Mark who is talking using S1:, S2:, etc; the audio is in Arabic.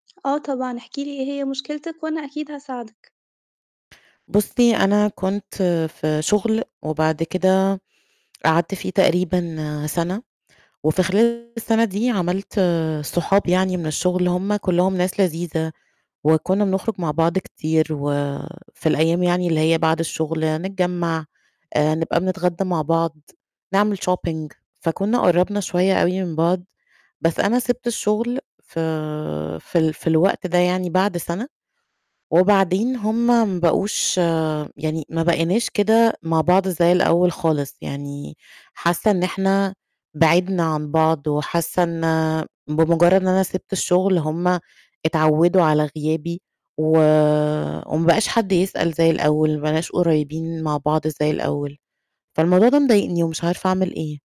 S1: آه، طبعًا احكِ لي، إيه هي مُشكلتِك وأنا أكيد هاساعدِك.
S2: بُصي، أنا كنت في شغل وبعد كده، قعدت فيه تقريبًا سَنة، وفي خلال السَنة دي عمَلت صحاب يعني من الشغل، هُم كُلّهم ناس لذيذة، وكُنّا بنخرُج مع بعض كتير و في الأيام يعني اللي هي بعد الشغل، نتجمّع، آآ نبقى بنتغدّى مع بعض، نعمل shopping فكُنّا قرّبنا شوية أوي من بعض، بس أنا سِبت الشغل ف في ال في الوقت ده يعني بعد سَنة، وبعدين هُم ما بقوش يعني ما بقيناش كده مع بعض زي الأول خالِص يعني. حاسّة إن إحنا بِعدنا عن بعض وحاسّة إن بمجرّد إن أنا سِبت الشغل، هُم اتعوّدوا على غيابي، و وما بقاش حد يسأل زي الأول، ما بقيناش قُريّبين مع بعض زي الأول، فالموضوع ده مضايقني ومش عارفة أعمل إيه.